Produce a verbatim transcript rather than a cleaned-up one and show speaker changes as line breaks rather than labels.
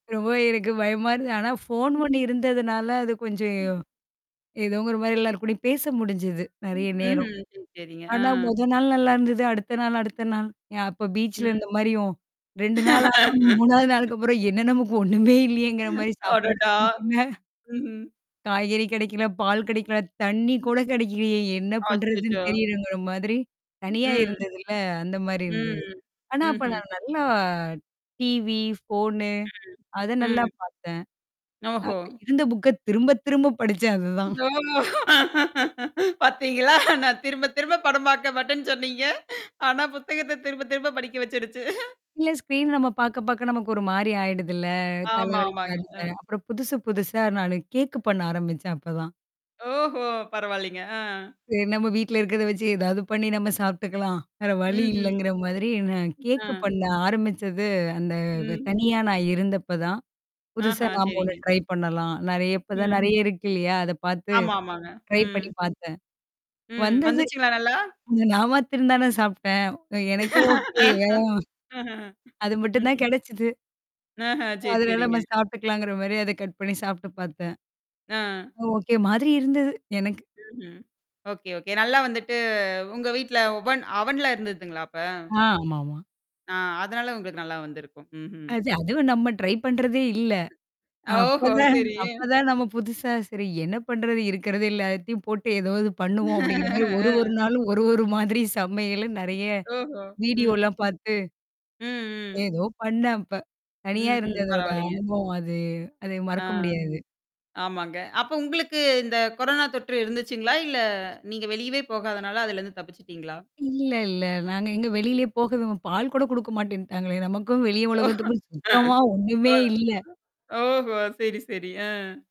ரொம்பவே எனக்கு பயமா இருந்தது. ஆனா, ஃபோன்
ம்.
ஒண்ணு இருந்ததுனால அது கொஞ்சம் எவ் ஏதோங்கிற மாதிரி எல்லார் கூடயும் பேச முடிஞ்சுது நிறைய நேரம்.
உஹ்ம். சரிங்க.
ஆனா,
அ.
முத நாள் நல்லா இருந்தது. அடுத்த நாள் அடுத்த நாள் ய அப்ப பீச்சில
ம்.
இருந்த மாரியும். ரெண்டு நாளாகவும், மூணாவது நாளுக்கப்புறம் என்ன நமக்கு ஒண்ணுமே இல்லையேங்கிற மாரி சாப்பாடும்
அடடா!
கெடைக்கல.
ம்ஹும்.
காய்கறி கெடைக்கல, பால் கெடைக்கல, தண்ணி கூட கெடைக்கலையே என்ன பண்ணுறதுன்னு
அச்சச்சோ.
தெரியலங்கிற மாதிரி தனியா
ம்.
இருந்ததுல அந்த மாதிரி
ம்.
இருந்தது. ஆனா, அப்ப
ம்ஹும்.
நான் நல்லா டிவி, ஃபோனு அத
ம்.
நல்லா
ம்.
பார்த்தேன்.
ஓஹோ!
அப்ப இருந்த புஃக்க திரும்ப, திரும்ப படிச்சேன் அதுதான்.
ஓ! பார்த்தீங்களா? நான் திரும்ப, திரும்ப படம் பார்க்க மாட்டேன்னு சொன்னீங்க. ஆனா, புத்தகத்த திரும்ப, திரும்ப படிக்க வச்சுடுச்சு.
இல்ல ஸ்க்ரீன் நம்ம பாக்க, பாக்க நமக்கு ஒரு மாதிரி ஆயிடுதுல்ல. அ தலை
ஆமா,
வலிக்
ஆமாங்க. ஆ.
[unintelligible] அப்புறம் புதுசு, புதுசா நானு கேஃக் பண்ண ஆரம்பிச்சேன் அப்பதான்.
ஓஹோ! பரவாயில்லைங்க. அ.
சரி நம்ம வீட்ல இருக்கிறத வச்சு ஏதாவது பண்ணி நம்ம சாப்பிட்டுக்கலாம். வேற வழி
ம்ஹூம்.
இல்லைங்கிற மாதிரி நான்
அ.
கேக் பண்ண ஆரம்பிச்சது அந்த
ம்.
தனியா நான் இருந்தப்ப தான். புதுசா
ஆஹா.
நாம ஒண்ணு
செரிங்க.
ட்ரை பண்ணலாம். நெறைய இப்ப தான்
ம்.
நெறைய இருக்கில்லையா? அத பார்த்து
ஆமா, ஆமாங்க.
ட்ரை
ம்.
பண்ணி பார்த்தேன்.
ம்.
வந்தது.
வந்துச்சுங்களா நல்லா?
அங்க நான் மாத்ரம் தானே சாப்பிட்டேன். எனக்கு ஓகே தான்.
அஹ,
அது மட்டும்தான்
ம்.
கெடச்சது.
ஆஹ. செரி,
அதனால நம்ம
செரிங்க.
சாப்ட்டுக்கலாங்குற மாதிரி அத கட் பண்ணி சாப்ட்டு பார்த்தேன்.
அ.
ஓகே மாதிரி இருந்தது, எனக்கு.
ம்ஹும். ஓகே, ஓகே நல்லா வந்துட்டு உங்க வீட்ல ஒவன் அவன்லாம் இருந்ததுங்களா அப்ப?
அ, ஆமாமா.
ஆ, அதனால உங்களுக்கு நல்லா வந்திருக்கும். ம்ஹும்.
அது, அதுவும் நம்ம ட்ரை பண்றதே இல்ல,
ஓஹோ!
அப்பதான்
சரி.
அப்பதான் நம்ம புதுசா சரி என்ன பண்றது, இருக்கிறது எல்லாத்தையும் போட்டு ஏதாவது பண்ணுவோம் அப்படிங்கிற மாதிரி, ஒரு,
அ.
ஒரு நாளும், ஒரு, ஒரு மாதிரி சமையலும் நெறைய
ஓஹோ! ம்.
வீடியோலாம் பார்த்து
ம். ம்.
ஏதோ பண்ணேன் அப்ப. தனியா
ம்ஹும்,
இருந்ததோட
பரவாயில்லைங்க.
அனுபவம் அது அத
அ.
மறக்க முடியாது.
ஆமாங்க. அப்ப உங்களுக்கு இந்த கொரோனா தொற்று இருந்ததுச்சுங்களா? இல்ல நீங்க வெளியவே போகாதனால அதுல இருந்து தப்பிச்சுட்டீங்களா?
இல்ல, இல்ல. நாங்க எங்க வெளியிலேயே போகவு பால் கூட குடுக்க மாட்டேன்னுட்டாங்களே! நமக்கும் வெளி உலகத்துக்கும் சுத்தமா
அ.
ஒண்ணுமே இல்ல.
ஓஹோ, சரி, சரி. ஆ